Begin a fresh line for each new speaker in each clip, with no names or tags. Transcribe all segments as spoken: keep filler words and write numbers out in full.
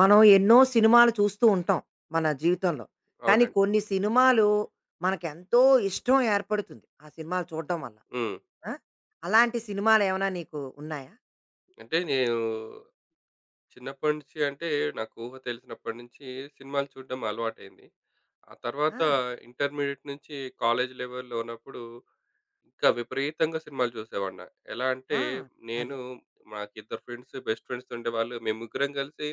మనం ఎన్నో సినిమాలు చూస్తూ ఉంటాం, మన జీవితంలో. కానీ
అవునండి.
కొన్ని సినిమాలు, మనకెంతో ఇష్టం ఏర్పడుతుంది. ఆ సినిమాలు చూడడం వల్ల.
హ్మ్.
ఆ! అలాంటి సినిమాలేమైనా నీకు ఉన్నాయా?
అంటే నేను, చిన్నప్పటి నుంచి అంటే, నాకు ఊహ తెలిసినప్పటి నుంచి సినిమాలు చూడడం అలవాటయింది. ఆ తర్వాత,
ఆ!
ఇంటర్మీడియేట్ నుంచి కాలేజి లెవెల్‌లో ఉన్నప్పుడు, ఇంకా విపరీతంగా సినిమాలు చూసేవాడ్నా. ఎలా అంటే
ఆ! అది.
నేను మాకు ఇద్దరు ఫ్రెండ్స్, బెస్ట్ ఫ్రెండ్స్ ఉండేవాళ్ళు. మేముగ్గరం కలిసి,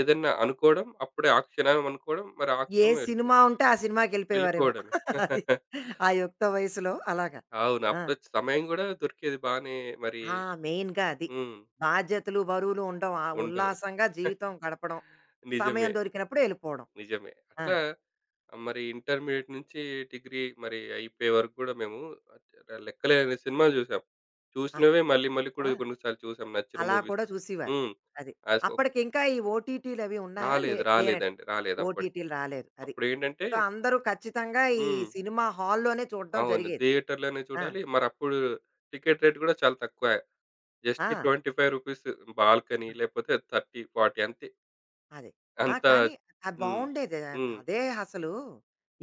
ఏదన్నా అనుకోవడం, అప్పుడే ఆ క్షణం అనుకోవడం, మరి
ఏ
ఆక్షమే ఎళ్ళిపో
సినిమా ఉంటే, ఆ సినిమాకెళ్ళిపోయేవారేమో.
వెళ్ళిపోవడమే.
అది. ఆ యుక్త వయసులో, అలాగా.
అవును.
ఆ!
అప్పుడొచ్చి సమయం కూడా దొరికేది, బానే మరీ.
ఆ! మెయిన్‌గా అది.
హ్మ్.
బాధ్యతలు, బరువులు ఉండం. ఆ!
ఉంటదు.
ఉల్లాసంగా జీవితం గడపడం.
నిజమే.
సమయం దొరికినప్పుడు ఎళ్ళిపోవడం.
నిజమే.
ఆ!
అట్లా, మరి ఇంటర్మీడియేట్ నుంచి డిగ్రీ మరి, అయిపోయే వరకు కూడా మేము [unintelligible] లెక్కలేనన్ని సినిమా చూసాం.
ఆ!
చూసినవ్వే మళ్ళీ మళ్ళీ కూడా
ఆ!
కొన్నిసార్లు చూసాం నచ్చిన
అలా కూడా
మూవీస్.
చూసివారు
హ్మ్.
అది.
ఆ! సో
అప్పటికి ఇంకా ఈ ఓటీటీలవి ఉన్నాయా? లే
రాలేదు.
లేనట్టు
రాలేదండి. రాలేదు. అప్పడి
ఓటీటీలు రాలేదు. అది.
అప్పుడేంటంటే
సో, అందరూ ఖచ్చితంగా, ఈ
హ్మ్.
సినిమా హాల్లోనే చూడం
అవును.
జరిగేది.
థియేటర్‌లోనే
ఆ!
చూడాలి. మరప్పుడు టికెట్ రేట్ కూడా చాలా తక్కువే. జస్ట్
ఆ!
ట్వెంటీ ఫైవ్ రూపీస్ బాల్కనీ,
ఆ!
లేపోతే థర్టీ ఫార్టీ అంతే.
అది. ఆ!
అంతా
కానీ, అది
హ్మ్.
బావుండేది. ఆహ్,
హ్మ్.
అదే అసలు,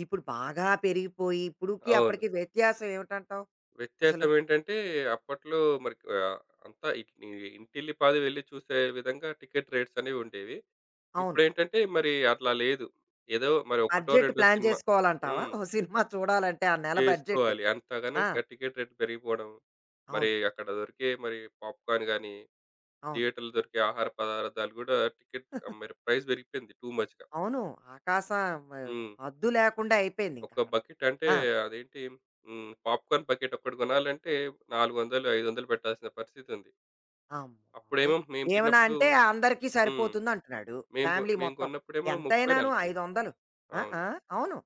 ఇప్పుడు బాగా పెరిగిపోయి ఇప్పుడుకి,
అవును.
అప్పటికి వ్యత్యాసం ఏమిటంటావు? అసలు.
వ్యత్యాసం ఏంటంటే, అప్పట్లో మరి ఆహ్, అంతా ఇట్ని ఇంటిల్లి పాది వెళ్లి చూసే విధంగా టికెట్ రేట్సనేవి ఉండేవి.
అవును.
ఇప్పుడెంటంటే, మరి అట్లా లేదు. ఏదో మరి ఒకటో
బడ్జెట్
రెండో
ప్లాన్
సినిమా
చేసుకోవాలంటావా?
హ్మ్.
ఒక సినిమా చూడాలంటే, ఆ నెల బడ్జెట్.
చేసుకోవాలి.
ఆ!
అంతగనంగా టికెట్ రేట్ పెరిగిపోవడం. మరి,
అవును.
అక్కడ దొరికే మరి, పాప్‌కార్న్ గాని,
అవును.
థియేటర్‌లో దొరికే ఆహార పదార్థాలు కూడా టికెట్ ఆ! మరి ప్రైస్ పెరిగిపోయింది. టూ మచ్‌గా.
అవును. ఆకాశం ఆహ్,
హ్మ్.
హద్దు లేకుండా అయిపోయింది, ఇంక
ఒక
అక్కడ.
బకెట్ అంటే,
ఆ!
అదేంటి హ్మ్. పాప్‌కార్న్ బకెట్ ఒక్కటి కొనాలంటే నాలుగు వందలు ఐదు వందలు పెట్టాల్సిన పరిస్థితి ఉంది. అప్పుడేమో
అమ్మబాబోయ్!
మేము
ఏమన్నా
చిన్నప్పుడు
అంటే అందరికీ
హ్మ్.
సరిపోతుంది అంటున్నాడు.
మేము,
ఫ్యామిలీ
మేము
మొత్తం.
కొన్నప్పుడేమో ముప్పై
ఎంతైనాను
నలబై
ఐదొందలు. ఆహ్,
అవును.
ఆహ్, అవును.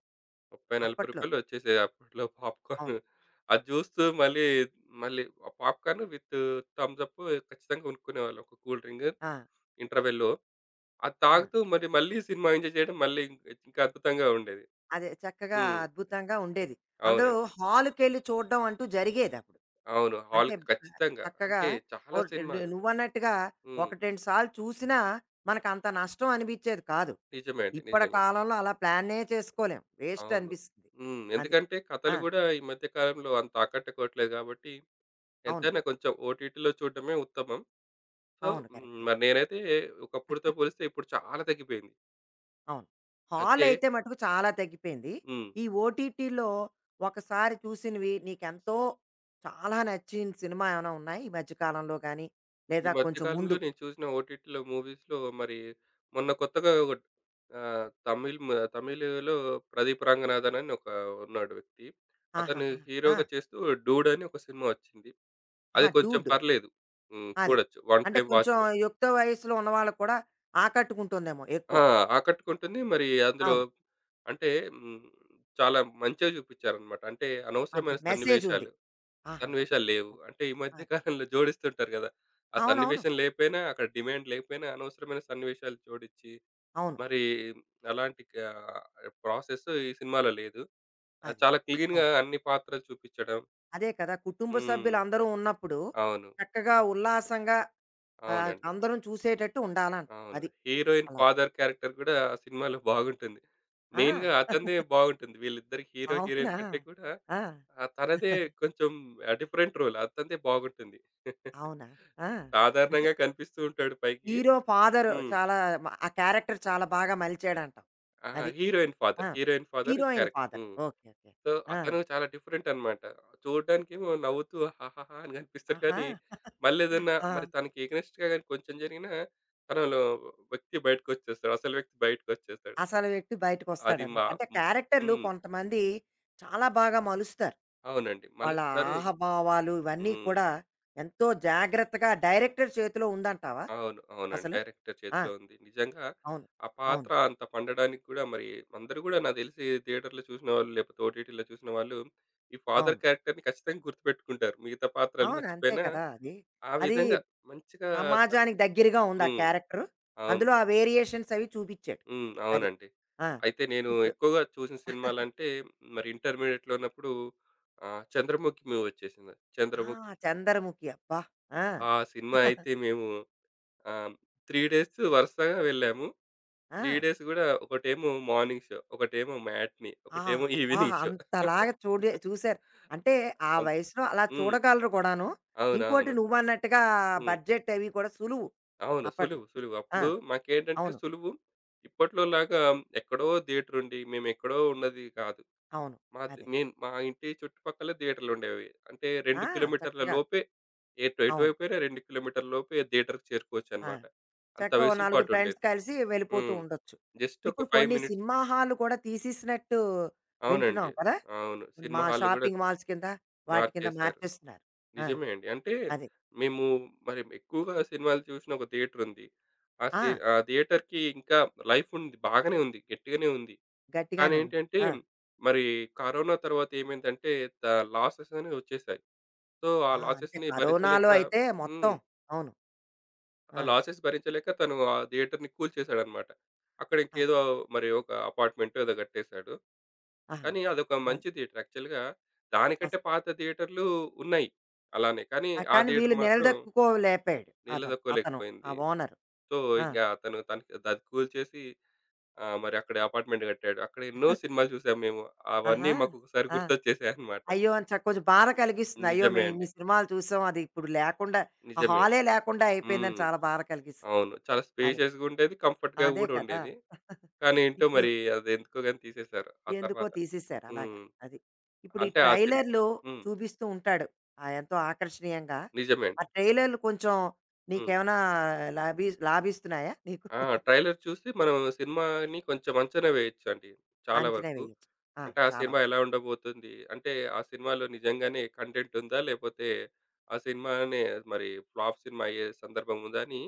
ముప్పై నలబై
అప్పట్లో.
రూపాయ‌ల్లో ఒచ్చేసాయి, అప్పట్లో
అవును.
పాప్‌కార్న్. అది జూస్తూ మళ్ళీ, మళ్ళీ పాప్‌కార్న్ విత్ థమ్స్‌ప్ ఖచ్చితంగా కొనుక్కునేవాళ్ళం. ఒక కూల్ డ్రింగు.
ఆ!
ఇంటర్వెల్‌ల్లో. అది
ఆ!
తాగుతూ మరి, మళ్ళీ సినిమా ఎంజాయ్ చేయడం, మళ్ళీ ఇం ఇంకాద్భుతంగా ఉండేది.
అదే. చక్కగా,
హ్మ్.
అద్భుతంగా ఉండేది. అందులో
అవునండి.
హాలుకెళ్ళి చూడం అంటూ జరిగేది అప్పుడు.
అవును.
అంటే,
హాల్‌కి ఖచ్చితంగా.
చక్కగా
అంటే
ఓ
చాలా సినిమాలు
నువ్వన్నట్టుగా
హ్మ్.
ఒకటి రెండు సార్లు చూసినా, మనకంత నష్టం అనిపించేది కాదు.
నిజమే అండి.
ఇప్పటి
నిజమే.
కాలంలో అలా ప్లానే చేసుకోలేం.
అవును.
వేస్టనిపిస్తది.
హ్మ్.
అది.
ఎందుకంటే కథలు
ఆ!
కూడా ఈ మధ్య కాలంలో అంత ఆకటుకోవట్లే కాబట్టి.
అవును.
ఎంతైనా కొంచెం ఓటీటీలో చూడడమే ఉత్తమం. సో,
అవును.
హ్మ్.
కరెక్టే.
మరి నేనైతే ఒకప్పుటితో పోలిస్తే, ఇప్పుడు చాలా తగ్గిపోయింది.
అవును.
అయితే
హాలయితే మటుకు చాలా తగ్గిపోయింది.
హ్మ్.
ఈ ఓటీటీలో ఒకసారి చూసినవి నీకెంతో చాలా నచ్చిన సినిమా ఏమైనా ఉన్నాయి ఈ మధ్య కాలంలో గానీ
ఈ
లేదా,
మధ్య
కొంచెం
కాలంలో
ముందు?
నేను చూసిన ఓటీటీలో మూవీస్‌లో మరి మొన్న కొత్తగా ఒకట్ ఆ! తమిళ్ మ తమిళలో ప్రదీప్ రంగనాధనని ఒకా ఉన్నాడు వ్యక్తి, అతను
ఆహాహా!
హీరోగా
ఆ!
చేస్తూ 'డూడ్' అని ఒక సినిమా వచ్చింది. అది
ఆహా!
కొంచెం
'డూడ్.'
పర్లేదు. హ్మ్.
అది.
చూడొచ్చు. వన్
అంటే,
టైమ్
కొంచెం
వాచబుల్.
యుక్త వయస్సులో ఉన్న వాళ్ళక్కూడా ఆకట్టుకుంటుందేమో
ఆ!
ఎక్కువ.
ఆకట్టుకుంటుంది. మరీ అందులో
అవును.
అంటే హ్మ్. చాలా మంచిగా జూపిచ్చారనమాట. అంటే, అనవసరమైన
అందులో మెసేజ్ ఉంది.
సన్నివేషాలు,
ఆహాహా!
సన్నివేషాలు లేవు. అంటే, ఈ మధ్య
అది.
కాలంలో జోడిస్తుంటారు గదా! ఆ
అవునవును.
సన్నివేశం లేపోయినా, అక్కడ డిమాండ్ లేపోయినా అనవసరమైన సన్నివేశాలు జోడిచ్చి,
అవును.
మరీ అలాంటిక ఆ! ప్రాసెస్ ఈ సినిమాలో లేదు. ఆ!
అది.
చాలా క్లీన్‌గా
అవును.
అన్ని పాత్రలు చూపిచ్చడం
అదే కదా! కుటుంబ
హ్మ్.
సభ్యులందరూ ఉన్నప్పుడు
అవును.
చక్కగా, ఉల్లాసంగా, ఆహ్,
అవునండి.
అందరం చూసేటట్టు ఉండాలంటారు
అవును.
అది.
హీరోయిన్
అలాగే.
ఫాదర్ క్యారెక్టర్ గూడా ఆ సినిమాలో బాగుంటుంది. మెయిన్‌గా
ఆ!
అతనిదే బావుంటుంది వీళ్ళిద్దరి హీరో, హీరోయిన్
అవునా!
కంటే కూడా.
ఆ!
ఆ! తనదే కొంచెం ఆ! Different role. అతనదే బాగుంటుంది.
అవునా! ఆ! అదే.
సాధారణంగా కనిపిస్తూ ఉంటాడు పైకి
హీరో ఫాదర్
హ్మ్.
చాలా ఆ క్యారెక్టర్ చాలా బాగా మలిచాడంటావు.
అహా!
అది.
హీరోయిన్
ఆ!
Father, heroine father,
heroine
character.
Father.
హ్మ్.
ఓకే. ఓకే.
సో,
ఆ!
అతను చాలా డిఫరెంట్ అనమాట. చూడ్డానికేమో నవ్వుతూ హాహాహా! అని గనిపిస్తాడు
ఆహా!
కానీ, మళ్లేదన్నా
ఆ!
మరి తనకి ఎగనె‌స్ట్‌గా గాని కొంచెం జరిగినా, తనలో వ్యక్తి బయటికొచ్చేస్తాడు. అసలు వ్యక్తి బయటికొచ్చేస్తాడు.
అసలు వ్యక్తి
అది
బయటికొస్తాడనమాట.
మా
అంటే,
హ్మ్.
క్యారెక్టర్లు
హ్మ్.
కొంతమంది చాలా బాగా మలుస్తారు.
అవునండి.
వాళ్ళ
మలుస్తారు
ఆహాభావాలు ఇవన్నీ
హ్మ్.
కూడా ఎంతో జాగ్రత్తగా డైరెక్టర్ చేతిలో ఉందంటావా
అవును. అవునండి.
అసలు?
డైరెక్టర్
ఆ!
చేతిలో ఉంది. నిజంగా
అవును.
ఆ
అవును.
పాత్ర అంత పండడానికి కూడా మరి అందరూ గూడా నాకు తెలిసి థియేటర్‌లో చూసినవాళ్ళు లేపోతే, ఓటీటీలో చూసిన వాళ్ళు ఈ ఫాదర్
అవును.
క్యారెక్టర్‌ని ఖచ్చితంగా గుర్తుపెట్టుకుంటారు మిగతా పాత్రలు
అవును. అంతే
మర్చిపోయినా.
కదా! అది.
ఆ
అది
విధంగా మంచిగా తను
సమాజానికి దగ్గరగా ఉందా
హ్మ్.
క్యారెక్టరు?
అవును.
అందులో ఆ వేరియేషన్స్ అవి చూపిచ్చాడు.
హ్మ్.
అది.
అవునండి.
ఆ!
అయితే నేను
ఇప్పుడు
ఎక్కువగా చూసిన సినిమాలంటే మరి ఇంటర్మీడియేట్‌లో ఉన్నప్పుడు ఆ! 'చంద్రముఖి' మూవీ చూసినా.
ఆ!
చంద్రముఖి
చంద్రముఖి. అబ్బా! ఆ!
ఆ సినిమా అయితే మేము, ఆహ్, త్రీ డేసు వరుసగా వెళ్ళాము. త్రీ
ఆ!
డేసు గూడా ఒకటేమో, మార్నింగ్ షో. ఒకటేమో, మ్యాట్ని. ఒకటేమో,
ఆబ్బా!
Evening show.
అంతలాగా చూడి చూశారు. అంటే, ఆ
అంతే.
వయసులో అలా
హ్మ్.
చూడగలరు గూడాను. ఇంకోటి
అవునవును.
నువ్వన్నట్టుగా
హ్మ్.
బడ్జెట్ అవి కూడా సులువు
అవును.
అప్పట్లో.
సులువు సులువు.
ఆ!
అప్పుడు మాకేంటంటే
అవును.
సులువు. ఇప్పట్లోలాగా ఎక్కడో థియేటరుండి మేమెక్కడో ఉన్నది కాదు.
అవును.
మాది
అదే.
నేను మా ఇంటి చుట్టుపక్కలే థియేటర్లుండేవి. అంటే,
ఆ!
రెండు కిలోమీటర్ల
చక్కగా.
లోపే. ఎటు
అవును.
ఎటువైపోయినా రెండు కిలోమీటర్ల లోపే థియేటర్‌కి
ఆ!
చేరుకోవచ్చనమాట. అంత
చక్కగా ఓ
వెసులు
నలుగురు ఫ్రెండ్స్
పాటుండేది.
కలిసి వెళ్ళిపోతూ
హ్మ్.
ఉండొచ్చు.
జస్ట్ ఒక
ఇప్పుడు
ఫైవ్
కొన్ని
మినిట్స్.
సినిమా హాల్లు కూడా తీసేసినట్టు
అవునండి.
వింటున్నాం కదా!
అవును. సినిమా
మా
హాల్ గూడా
షాపింగ్
ఉంది.
మాల్స్ కింద, వాటి కింద
మార్చేశారు.
మార్చేస్తున్నారు. ఆ!
నిజమే అండి. అంటే,
అది.
మేము మరేమో ఎక్కువగా సినిమాలు చూసిన ఒక థియేటరుంది. అసలీ
ఆ!
ఆ థియేటర్‌కి ఇంకా లైఫ్ ఉంది. బాగనే ఉంది. గట్టిగానే ఉంది. కానీ
గట్టిగానే ఉంది.
ఏంటంటే,
ఆ!
మరి కరోనా తర్వాత ఏమైందంటే దా లాసెస్ అనేవి ఒచ్చేశాయి. సో, ఆ
ఆ! అంతే.
లాసెస్‌ని
కరోనాలో
భరించలేక
అయితే మొత్తం
హ్మ్.
అవును.
ఆ
ఆ!
లాసెస్ భరించలేక తను ఆ థియేటర్‌ని కూల్చేశాడనమాట. అక్కడ
ఆ!
ఇంకేదో మరి ఒక అపార్ట్‌మెంటో ఏదో గట్టేశాడు.
ఆహా!
కానీ అదొక
అది.
మంచి థియేటర్. యాక్చువల్‌గా
అస్
దానికంటే పాత థియేటర్లు ఉన్నాయి అలానే. కానీ
ఆ!
ఆ
కానీ
థియేటర్
వీళ్ళు
మాత్రం
నిలదక్కుకోలేపోయాడు అతను. అతను. ఆ
నిలతొక్కోలేకపోయింది.
ఓనరు.
సో,
ఆ!
ఇంకా అతను తనకి దది కూల్చేసి, ఆ! మరి అక్కడే అపార్ట్‌మెంట్ గట్టాడు. అక్కడ ఎన్నో సినిమాలు చూశాం మేము. అవన్నీ
ఆహా!
మాకు ఒకసారి
ఆ!
గుర్తొచ్చేశాయనమాట.
అయ్యో! అంచ కొంచెం బాధ కలిగిస్తుంది. అయ్యో!
నిజమే
మేము
అండి.
ఇన్ని సినిమాలు చూశాం అది ఇప్పుడు లేకుండా, ఆ
నిజమే.
హాలే లేకుండా అయిపోయిందని
హ్మ్.
చాలా బాధ కలిగిస్తుంది.
అవును. చాలా
అది.
స్పేషియస్‌గా ఉండేది, కంఫర్ట్‌గా
అదే
గూడా
కదా!
ఉండేది. కానీ ఏంటో
ఇప్పుడు
మరి అది ఎందుకోగాని తీసేశారు ఆ
ఎందుకో
తర్వాత.
తీసేశారు అలాగా
హ్మ్.
అది. ఇప్పుడు ఈ
అంటే, ఆ సిని
ట్రైలర్‌లో
హ్మ్.
చూపిస్తూ ఉంటాడు ఆ! ఎంతో ఆకర్షణీయంగా.
నిజమేండి.
ఆ ట్రైలలు కొంచెం
హ్మ్.
నీకేవన్నా లాభి లాభిస్తున్నాయా నీకు?
ఆ! ట్రైలర్ చూసి మనం సినిమాని కొంచెం అంచనా వేయొచ్చండి చాలా
అంచనా
వరకు.
వెయ్యొచ్చు. ఆ!
అంటే, ఆ
చాలా
సినిమా ఎలా ఉండబోతుంది? అంటే ఆ సినిమాలో నిజంగానే కంటెంట్ ఉందా? లేపోతే, ఆ సినిమానే మరి ఫ్లాఫ్ సినిమా అయ్యే సందర్భం ఉందాని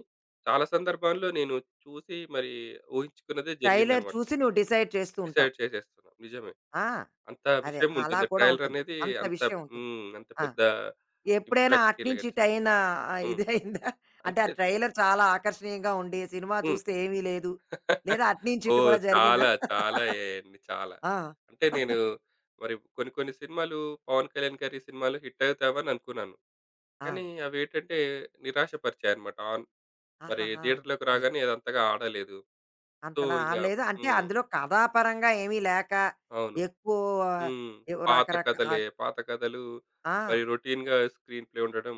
చాలా సందర్భాల్లో నేను చూసి, మరి ఊహించుకున్నదే
ట్రైలర్
జరిగిందనమాట.
చూసి నువ్వు డిసైడ్ చేస్తూ ఉంటావు.
డిసైడ్ చేసేస్తున్నాం నిజమే.
ఆ!
అంత
అదే. అలా
విషయముంటుంది.
కూడా
ట్రైలర్
ఉంటుంది.
అనేది
అంత
అంత ప్
విషయం ఉంటుంది.
హ్మ్. అంత
ఆ!
పెద్ద
ఎప్పుడైనా
ఇంపాక్ట్
అటు
ఇలాగా
నుంచి ఇటైనా ఆ!
హ్మ్.
ఇదైందా? అంటే, ఆ
అంతే
ట్రైలర్ చాలా ఆకర్షణీయంగా ఉండి సినిమా
హ్మ్.
చూస్తే ఏమీ లేదు లేదా, అటు నంచి ఇటు
ఓహ్!
కూడా జరిగిందా?
చాలా చాలా అయ్యాయండి చాలా.
ఆ!
అంటే నేను మరి కొన్ని కొన్ని సినిమాలు పవన్ కళ్యాణ్ గారి సినిమాలు హిట్టవుతావని అనుకున్నాను, కానీ
ఆ!
అవేటంటే నిరాశపరిచాయనమాట. అవును. మరి
ఆహాహా!
థియేటర్‌లోకి
అది.
రాగానే అదంతగా ఆడలేదు. సో,
అంతలా
ఇంకా
ఆడలేదు. అంటే,
హ్మ్.
అందులో కథాపరంగా ఏమీ లేక
అవును.
ఎక్కువ
హ్మ్.
ఏవో
పాత
రకరక
కథలే.
ఆస్
పాత కథలు.
ఆ!
మరి రొటీన్‌గా స్క్రీన్ ప్లే ఉండడం.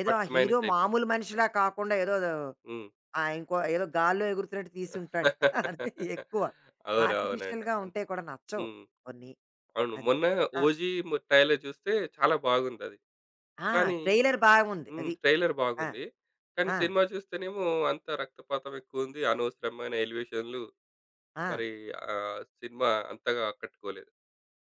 ఏదో ఆ
వాటికి
హీరో
మైనసయిపోయింది.
మామూలు మనిషిలా కాకుండా ఏదోదో
హ్మ్.
ఆ! ఇంకో ఏదో గాల్లో ఎగురుతున్నట్టు తీసుంటాడు అది ఎక్కువ.
అవునవునండి.
ఆర్టిఫిషియల్‌గా ఉంటే కూడా నచ్చవు
హ్మ్.
కొన్ని.
అవును.
అది.
మొన్న
ఆ!
'ఓజీ' ఏమో ట్రైలర్ చూస్తే చాలా బాగుందది.
ఆ!
కానీ,
ట్రైలర్ బాగుంది
హ్మ్.
అది.
ట్రైలర్
ఆ!
బాగుంది. కానీ,
ఆ!
సినిమా చూస్తేనేమో అంతా రక్తపాతం ఎక్కువుంది, అనవసరమైన ఎలివేషన్లు.
ఆ!
మరి ఆ సినిమా అంతగా ఆకట్టుకోలేదు.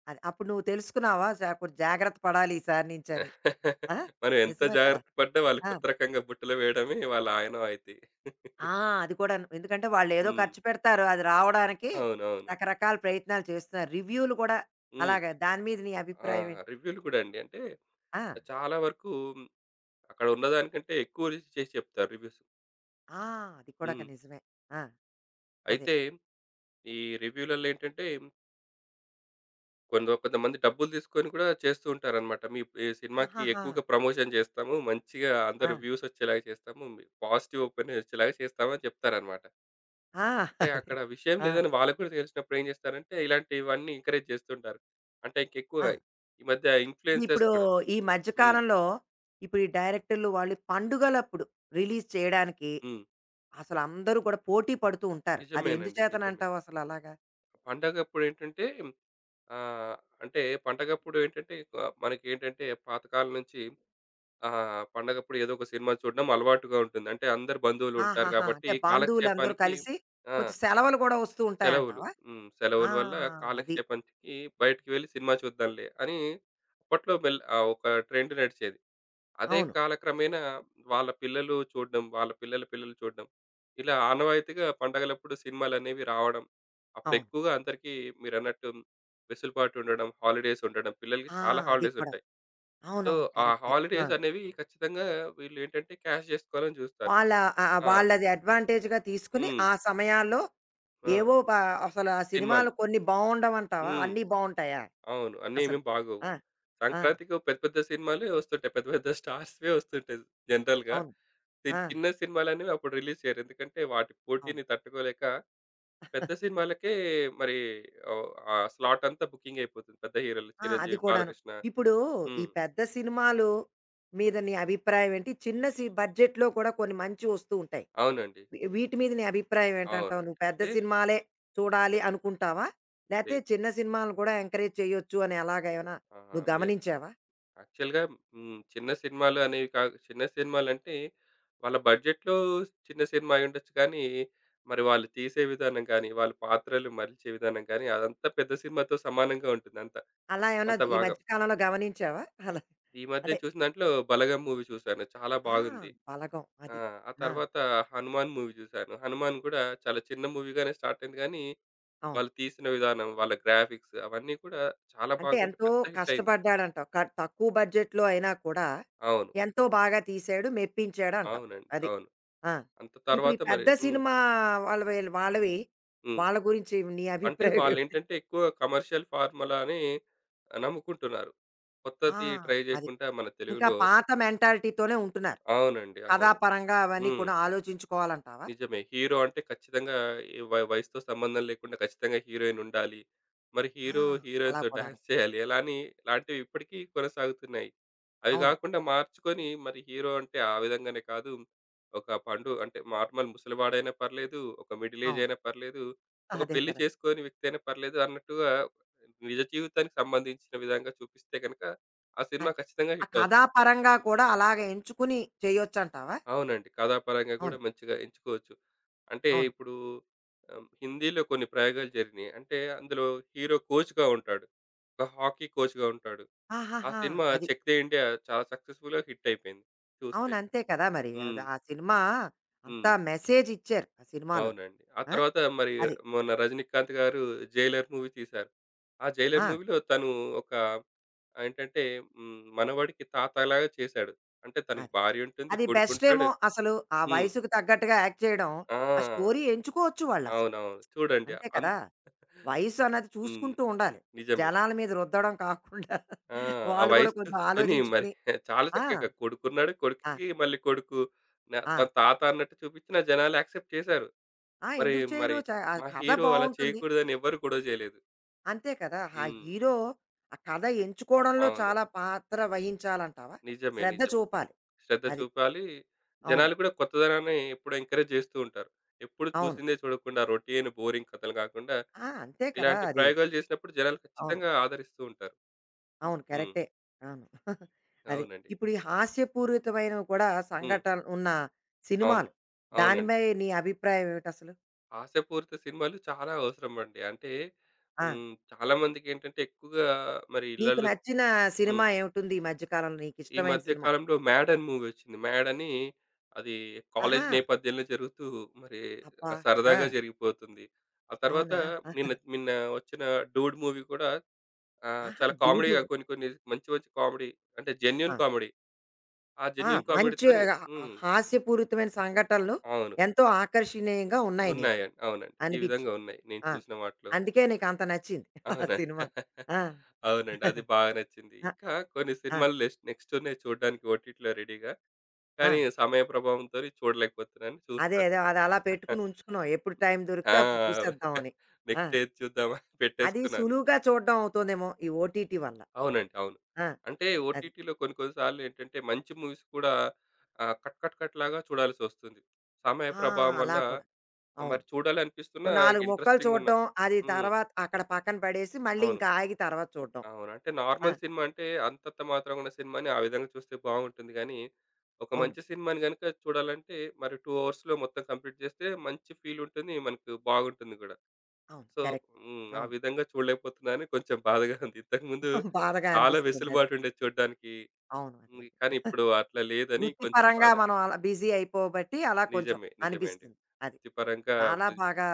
అది. అప్పుడు నువ్వు తెలుసుకున్నావా? అసా అపుడు జాగ్రత్త పడాలి ఈసారి నుంచని. ఆ!
మనం ఎంత
నిజమే కదా!
జాగ్రత్త పడ్డా వాళ్ళు
ఆ!
కొత్త రకంగా బుట్టలో వేయడమే వాళ్ళ ఆయినవాయితి.
ఆ! అది కూడాను. ఎందుకంటే వాళ్ళేదో
హ్మ్.
ఖర్చు పెడతారు అది రావడానికి
అవునవును.
రకరకాల ప్రయత్నాలు చేస్తున్నారు. రివ్యూలు కూడా
హ్మ్.
అలాగా దాని మీద నీ అభిప్రాయమే
ఆహ్, రివ్యూలు కూడా అండి. అంటే
ఆ!
చాలా వరకు అక్కడున్న దానికంటే ఎక్కువ రేసి చేసి చెప్తారు రివ్యూస్.
ఆ! అది కూడా ఒక
హ్మ్.
నిజమే. ఆ! అదే.
అయితే ఈ రివ్యూలల్లో ఏంటంటే కొందొ కొంతమంది డబ్బులు తీసుకొని కూడా చేస్తూ ఉంటారనమాట. మీ ఈ సినిమాకి
ఆహాహా!
ఎక్కువగా ప్రమోషన్ చేస్తాము. మంచిగా అంద
ఆ!
రివ్యూసొచ్చేలాగా చేస్తాము. మీ పాజిటివ్ ఓపిన్ ఒచ్చేలాగా చేస్తామని చెప్తారనమాట.
ఆ!
అంటే
అదే
అక్కడ విషయం
ఆ!
లేదని వాళ్ళకు కూడా తెలిసినప్పుడేం చేస్తారంటే, ఇలాంటివన్నీ ఎంకరేజ్ చేస్తూంటారు. అంటే ఇంకెక్కువగా.
ఆ!
ఈ మధ్య ఇన్‌ఫ్లుయెన్సర్స్
ఇప్పుడు
కూడా
ఈ మధ్య
హ్మ్.
కాలంలో ఇప్పుడు ఈ డైరెక్టర్లు వాళ్ళు పండుగలప్పుడు రిలీజ్ చేయడానికి
హ్మ్.
అసలందరూ కూడా పోటీ పడుతూ ఉంటారు. అది ఎందు
నిజమేనండి. నిజమే.
చేతనంటావసలలాగా?
పండగప్పుడేంటంటే ఆహ్, అంటే పండగప్పుడేంటంటే కు మనకేంటంటే పాతకాలం నుంచి ఆహ్, పండగప్పుడు ఏదో ఒక సినిమా చూడ్డం అలవాటుగా ఉంటుంది. అంటే అందరు బంధువులుంటారు
ఆహాహా! అంటే
గాబట్టి
బంధువులందరూ
కాలక్షేపానికి
కలిసి,
ఆ!
కొంచెం సెలవులు కూడా వస్తూ
సెలవులు.
ఉంటాయంటావా?
హ్మ్.
ఆ!
సెలవుల వల్ల
అది.
కాలక్షేపానికి బయటికి వెళ్ళి సినిమా చూద్దాంలే అని అప్పట్లో మెల్ ఆహ్, ఒక ట్రెండ్ నడిచేది. అదే
అవును.
కాలక్రమేణా వాళ్ళ పిల్లలు చూడ్డం, వాళ్ళ పిల్లల పిల్లలు చూడడం, ఇలా ఆనవాయితగా పండగలప్పుడు సినిమాలనేవి రావడం,
అవును.
అప్పుడెక్కువగా అందరిక మీరన్నట్టు వెసులుబాటుండడం, హాలిడేస్ ఉండడం, పిల్లలకి
ఆ!
చాలా
అది
హాలిడేస్
కూడా.
ఉంటాయి. సో,
అవునవును.
ఆ
కరెక్టు. ఆ!
హాలిడేస్ అనేవి ఖచ్చితంగా వీళ్ళు ఏంటంటే, క్యాష్ జేసుకోవాలని జూస్తారు.
వాళ్ళ ఆహ్,
ఆ!
వాళ్ళది అడ్వాంటేజ్‌గా తీసుకొని
హ్మ్.
ఆ సమయాల్లో
ఆ!
ఏవో పా అసలు ఆ
సినిమాలు.
సినిమాలు కొన్ని బావుండవంటావా?
హ్మ్.
అన్నీ బావుంటాయా?
అవును. అన్నీ ఏమి
అసలు.
బాగోవు.
ఆ! ఆ!
సంక్రాంతికో పెద్ద, పెద్ద సినిమాలే ఒస్తుంటాయి. పెద్ద, పెద్ద స్టార్స్‌వే ఒస్తుంటాయి. జనరల్‌గా.
అవును.
చి
ఆ!
చిన్న సినిమాలన్నవి అప్పుడు రిలీజ్ చేయరు. ఎందుకంటే, వాటి
అవును.
పోటీని తట్టుకోలేక. పెద్ద సినిమాలకే మరి ఓహ్! ఆ స్లాటంతా బుకింగ్ అయిపోతుంది. పెద్ద హీరోలు
ఆ! అది
'చిరంజీవి',
కూడాను.
'బాలకృష్ణ'.
ఇప్పుడు ఈ
హ్మ్.
పెద్ద సినిమాలు మీద నీ అభిప్రాయం ఏంటి? చిన్న సి బడ్జెట్‌లో కూడా కొన్ని మంచి ఒస్తూ ఉంటాయి.
అవునండి.
వి వీటి మీద నీ అభిప్రాయం ఏంటంటావు?
అవునండి.
నువ్వు పెద్ద
అంటే
సినిమాలే చూడాలి అనుకుంటావా? లేతే
లేదు.
చిన్న సినిమలను కూడా ఎంకరేజ్ చేయొచ్చు అని ఎలాగ ఏమైనా
ఆహా!
నువ్వు
మే
గమనించావా?
యాక్చువల్‌గా హ్మ్. చిన్న సినిమాలనేవి కా చిన్న సినిమాలంటే వాళ్ళ బడ్జెట్‌లో చిన్న సినిమా అయుండొచ్చు కానీ, మరి వాళ్ళు తీసే విధానం గానీ, వాళ్ళు పాత్రలు మరిల్చే విధానం గానీ అదంతా పెద్ద సినిమాతో సమానంగా ఉంటుందంతా.
అలా ఏమన్నా
అంత
జ్ ఈ
బాగా.
మధ్య కాలంలో గమనించావా? అలా?
ఈ మధ్యన
అంటే
చూసిన దాంట్లో 'బలగం' మూవీ చూశాను. చాలా
ఆ!
బాగుంది.
'బలగం'
ఆ!
అది.
ఆ
ఆ!
తర్వాత 'హనుమాన్' మూవీ చూశాను. 'హనుమాన్' కూడా చాలా చిన్న మూవీగానే స్టార్ట్ అయింది గానీ,
అవును.
వాళ్ళు తీసిన విధానం, వాళ్ళ గ్రాఫిక్స్ అవన్నీ కూడా చాలా
అంటే
బాగుండి
ఎంతో
పెద్ద హిట్ అయింది.
కష్టపడ్డాడంటవు క తక్కువ బడ్జెట్‌లో అయినా కూడా,
అవును.
ఎంతో బాగా తీసాడు, మెప్పించాడంటావు.
అవునండి.
అది.
అవును.
ఆ!
అంత
ఇప్పుడు ఈ
తర్వాత మరి
పెద్ద
హ్మ్.
సినిమా వాళ్ళ వళ వాళ్ళవి
హ్మ్.
వాళ్ళ గురించి నీ
అంటే
అభిప్రాయం ఏమిటి?
వాళ్ళేంటే ఎక్కువగా కమర్షియల్ ఫార్మలాని నమ్ముకుంటున్నారు.
ఆ!
కొత్తది ట్రై
అది.
చేయకుండా మన
ఇంకా
తెలుగులో
పాత మెంటాలిటీతోనే ఉంటున్నారు.
అవునండి. అవును.
కథాపరంగా అవన్నీ
హ్మ్.
కూడా ఆలోచించుకోవాలంటావా?
నిజమే. హీరో అంటే ఖచ్చితంగా ఈ వయ్ వయసుతో సంబంధం లేకుండా ఖచ్చితంగా హీరోయినుండాలి. మరి
ఆ!
హీరో
అలా
హీరోయిన్‌తో
కూడాను.
డాన్స్ చేయాలి. ఎలాని లాంటివి ఇప్పటికి కొనసాగుతున్నాయి. అవి
అవును.
గాకుండా మార్చుకొని, మరి హీరో అంటే ఆ విధంగానే కాదు, ఒక పండు అంటే నార్మల్ ముసలివాడైనా పర్లేదు, ఒక మిడిల్
అవును.
ఏజైయినా పర్లేదు. ఒక
అదే
పెళ్లి
కదా!
చేసుకోని వ్యక్తయినా పర్లేదు, అన్నట్టుగా నిజ జీవితానికి సంబంధించిన విధంగా చూపిస్తే గనక, ఆ సినిమా
అంతే.
ఖచ్చితంగా
ఆ
హిట్ అవుద్ది.
కథాపరంగా కూడా అలాగ ఎంచుకొని చేయొచ్చంటావా?
అవునండి. కథాపరంగా గూడా
అవును.
మంచిగా ఎంచుకోవచ్చు. అంటే
అవును.
ఇప్పుడు ఆహ్, హిందీలో కొన్ని ప్రయోగాలు జరిగినయి. అంటే అందులో హీరో కోచ్‌గా ఉంటాడు. ఒక హాకీ కోచ్‌గా ఉంటాడు. ఆ
ఆహాహా!
సినిమా
అది.
'చెక్‌దే ఇండియా' చాలా సక్సస్‌ఫుల్‌గా హిట్ అయిపోయింది. చూస్తే.
అవును. అంతే కదా! మరి.
హ్మ్.
అది ఆ సినిమా అంత
హ్మ్.
మెసేజిచ్చారు ఆ సినిమాలో.
అవునండి. ఆ
ఆ!
తర్వాత మరి
అది.
మొన్న 'రజినీకాంత్' గారు 'జైలర్' మూవీ తీశారు. ఆ 'జైలర్'
ఆ!
మూవీలో తను ఒక ఏంటంటే హ్మ్. మనవడికి తాతలాగా చేశాడు. అంటే తనకి
అది.
భార్యుంటుంది,
అది
కొడుకుంటాడు.
బెస్టేమో అసలు ఆ
హ్మ్.
వయసుకు తగ్గట్టుగా యాక్ట్ చేయడం
ఆ!
ఆ స్టోరీ ఎంచుకోవచ్చు వాళ్ళసలు.
అవునవును. చూడండి
అంతే
అన్
కదా! వయసన్నది
హ్మ్.
చూసుకుంటూ ఉండాలి.
నిజమే.
జనాల మీద రుద్దడం కాకుండా,
ఆ! ఆ
వాళ్ళు కూడా
వయసు
కొంచెం
చూసుకొని మరి
ఆలోచించుకొని
చాలా
ఆ!
చక్కగా కొడుకున్నాడు,
ఆ!
కొడుక్కి మళ్ళీ కొడుకు. నా త
ఆ!
తాతన్నట్టు చూపించిన జనాలు యాక్సెప్ట్ చేశారు.
ఆ!
మరి
ఎందుకు చెయ్యరు?
మరి
చ ఆ
మా
కథ
హీరో అలా
బావుంటుంది.
చేయకూడదని ఎవ్వరు గొడవ చేయలేదు.
అంతే కదా! ఆ
హ్మ్.
హీరో ఆ కథ ఎంచుకోవడంలో
అవును.
చాలా పాత్ర వహించాలంటావా?
నిజమే,
శ్రద్ధ
నిజమే.
చూపాలి.
శ్రద్ధ
అది.
చూపాలి.
అవును.
జనాలు కూడా కొత్తదనాన్ని ఎప్పుడు ఎంకరేజ్ జేస్తూ ఉంటారు. ఎప్పుడు
అవును.
చూసిందే చూడకుండా రొటీను బోరింగ్ కథలు కాకుండా
ఆ! అంతే కదా!
ఇలాంటి
అది.
ప్రయోగాలు జేసినప్పుడు జనాలు
అవును.
ఖచ్చితంగా ఆదరిస్తూ ఉంటారు.
అవును
హ్మ్.
కరెక్టే. అవును. అది.
అవునండి.
ఇప్పుడు ఈ హాస్యపూరితమైనవి కూడా
హ్మ్.
సంఘటన ఉన్న
అవును.
సినిమాలు,
అవునండి.
దానిమై నీ అభిప్రాయం ఏమిటిసలు?
హాస్యపూరిత సినిమాలు చాలా అవసరమండి. అంటే
ఆ!
హ్మ్. చాలామందికేంటంటే ఎక్కువగా మరి
నీకు
ఇళ్లళ్ళో
నచ్చిన
హ్మ్.
సినిమా ఏమిటుంది ఈ మధ్య కాలంలో
ఈ
నీకిష్టమైన
మధ్య
సినిమా?
కాలంలో 'మ్యాడ్' అని మూవీ ఒచ్చింది. 'మ్యాడని' అది కాలేజీ
ఆహా!
నేపథ్యంలో జరుగుతూ మరి
అబ్బా!
సరదాగా
ఆ!
జరిగిపోతుంది. ఆ తర్వాత
అవునా!
నిన్న, నిన్న వచ్చిన 'డూడ్' మూవీ గూడా. ఆహ్,
ఆహా!
చాలా కామెడీగా
డూడు.
కొన్ని కొన్ని మంచి మంచి కామెడీ అంటే జెన్యూన్
ఆ!
కామెడీ. ఆ
ఆ!
జెన్యూన్
మంచి
కామెడీతోని
ఆహ్, ఆ
హ్మ్.
హాస్యపూరితమైన సంఘటనలు,
అవును.
ఎంతో ఆకర్షణీయంగా ఉన్నాయి నీకు,
ఉన్నాయండి. అవునండి. ఈ విధంగా
అనిపిచ్చింది.
ఉన్నాయి. నేను
ఆ!
చూసిన వాటిలో.
అందుకే నీకంత నచ్చింది. ఆ
అవునా!
సినిమా. ఆ!
అవునండి. అది బా నచ్చింది.
ఆ!
ఇంకా కొన్ని
ఆ!
సినిమాలు నెక్స్ట్ నెక్స్టున్నాయి చూడ్డానికి ఓటీటీలో రెడీగా. కానీ
ఆ!
సమయ ప్రభావంతోని చూడలేకపోతున్నాను.
అదే
చూస్తాను.
అదే. అదలా పెట్టుకొని ఉంచుకున్నావు. ఎప్పుడు టైం
ఆ!
దొరికితే అప్పుడు చూసేద్దాం అని. ఆ!
నెక్స్ట్ ఏది చూద్దామని
అది
పెట్టేసుకున్నాను.
సులువుగా చూడ్డం అవుతుందేమో, ఈ ఓటీటీ వల్ల.
అవునండి. అవును.
ఆ!
అంటే
అది.
ఓటీటీలో కొన్ని కొన్ని సార్లేంటంటే మంచి మూవీస్ కూడా ఆహ్, కట్, కట్, కట్‌లాగా చూడాల్సొస్తుంది. సమయ
ఆ!
ప్రభావం వల్ల
అలా కూడా. అవును.
మరి
ఓ
చూడాలనిపిస్తున్నా
నాలుగు ముక్కలు
ఇంట్రెస్టింగున్న
చూడ్డం. అది
హ్మ్.
తర్వాత అక్కడ పక్కన పడేసి, మళ్ళీ
అవును.
ఇంకా ఆగి తర్వాత చూడ్డం.
అవును. అంటే
ఆ!
నార్మల్ సినిమా అంటే అంతంత మాత్రమున్న సినిమాని ఆ విధంగా చూస్తే బావుంటుంది గానీ, ఒక
అవును.
మంచి సినిమాని గనక చూడాలంటే మరి టూ అవర్స్‌లో మొత్తం కంప్లీట్ జేస్తే మంచి ఫీలుంటుంది, మనకు బావుంటుంది కూడా.
అవును.
So
correct.
హ్మ్. ఆ
అవును.
విధంగా చూడలేకపోతున్నా అని కొంచెం బాధగా ఉంది. ఇంతకుముందు
బాధగా
చాలా
అనిపిస్తుందది.
వెసులుబాటుండేది చూడ్డానికి,
అవును. అదే,
హ్మ్.
అదే.
కానీ ఇప్పుడు అట్లా లేదని కొంచెం
వృత్తిపరంగా
బాధ.
మనం అలా బిజీ అయిపోబట్టి అలా కొంచెం
నిజమే. నిజమే అండి.
అనిపిస్తుంది. అది.
వృతిపరంగా
చాలా
బుజ్
బాగా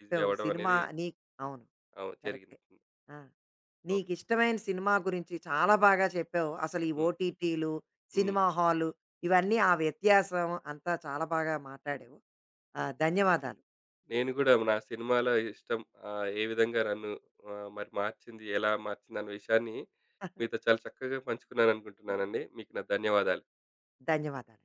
బిజీ అవ్వడం
సినిమా
అనేది
నీక్ అవును.
అవు జరిగింది.
కరెక్టే
హ్మ్.
ఆ!
ఓకే.
నీకిష్టమైన సినిమా గురించి చాలా బాగా చెప్పావు. అసలు ఈ
హ్మ్.
ఓటీటీలు,
హ్మ్.
సినిమా హాలు ఇవన్నీ ఆ వ్యత్యాసం అంతా చాలా బాగా మాటాడావు. ఆహ్, ధన్యవాదాలు.
నేను కూడా నా సినిమాల ఇష్టం ఆహ్, ఏ విధంగా నన్ను ఆహ్, మరి మార్చింది, ఎలా మార్చింది అన్న విషయాన్ని మీతో చాలా చక్కగా పంచుకున్నాననుకుంటున్నానండి. మీకు నా ధన్యవాదాలు.
ధన్యవాదాలు.